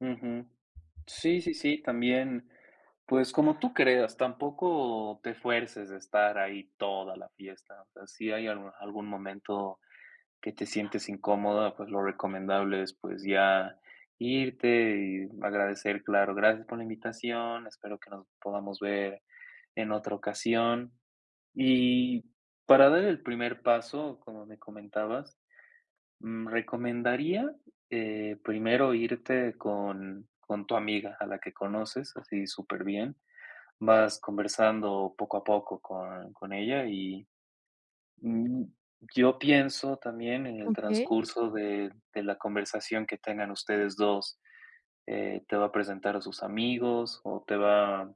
Ujú, sí, sí, sí. También, pues como tú creas, tampoco te fuerces de estar ahí toda la fiesta, o sea, si hay al algún momento que te sientes incómoda, pues lo recomendable es pues, ya irte y agradecer, claro, gracias por la invitación, espero que nos podamos ver en otra ocasión. Y para dar el primer paso, como me comentabas, mm, recomendaría, eh, primero irte con con tu amiga, a la que conoces, así superbién, vas conversando poco a poco con con ella y, mm, yo pienso también en el Okey. transcurso de de la conversación que tengan ustedes 2, eh, te va a presentar a sus amigos, o te va,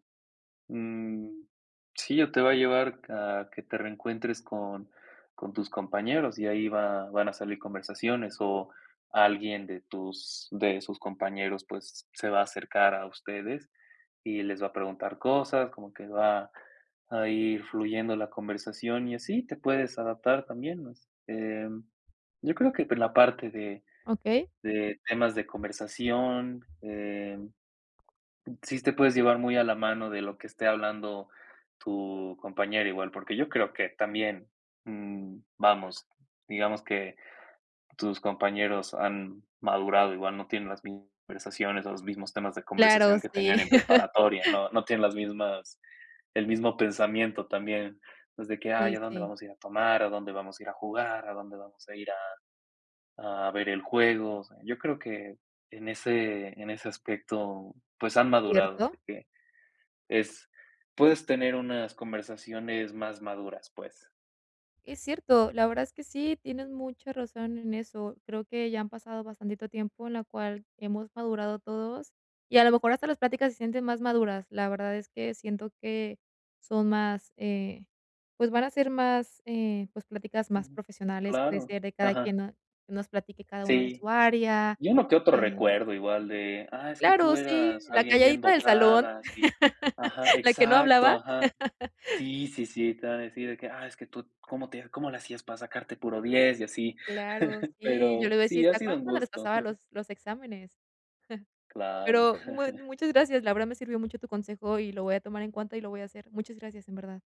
mm, sí, o te va a llevar a que te reencuentres con con tus compañeros y ahí va van a salir conversaciones o alguien de tus de sus compañeros, pues, se va a acercar a ustedes y les va a preguntar cosas, como que va a ir fluyendo la conversación y así te puedes adaptar también más. Em, yo creo que por la parte de Okey. de temas de conversación, em, sí te puedes llevar muy a la mano de lo que esté hablando tu compañero igual, porque yo creo que también, mm, vamos, digamos que tus compañeros han madurado, igual no tienen las mis conversaciones, o los mismos temas de Claro, conversación que tenían sí. en preparatoria, ¿no?, no tienen las mismas el mismo pensamiento también, pues, de que: Sí, "Ay, ¿a dónde sí. vamos a ir a tomar? ¿A dónde vamos a ir a jugar? ¿A dónde vamos a ir a a ver el juego?". O sea, yo creo que en ese en ese aspecto, pues Muy han madurado, cierto. así que es puedes tener unas conversaciones más maduras, pues. Es cierto, la verdad es que sí, tienes mucha razón en eso, creo que ya han pasado bastantito tiempo, en la cual hemos madurado todos, y a lo mejor hasta las pláticas se sienten más maduras. La verdad es que siento que son más, eh, pues van a ser más, eh, pues pláticas más Ujú, profesionales, puede claro, ser de cada quien ajá. no nos platique cada uno de su Sí. área, Y uno que otro eh recuerdo igual de: "Ah, es que claro, tú sí, eras la alguien bien calladita del salón, dotada", sí Ajá, la que no exacto, hablaba. ajá, sí, sí, sí, te vam a decir de que: "Ah, es que tú, ¿cómo te cómo le hacías para sacarte puro 10?", y así. Claro, sí, y yo Pero le decía, sí, ¿se ha sido acuerdan un cuando les gusto. pasaba los los exámenes? Claro. Pero mu muchas gracias, la verdad me sirvió mucho tu consejo, y lo voy a tomar en cuenta y lo voy a hacer. Muchas gracias, en verdad.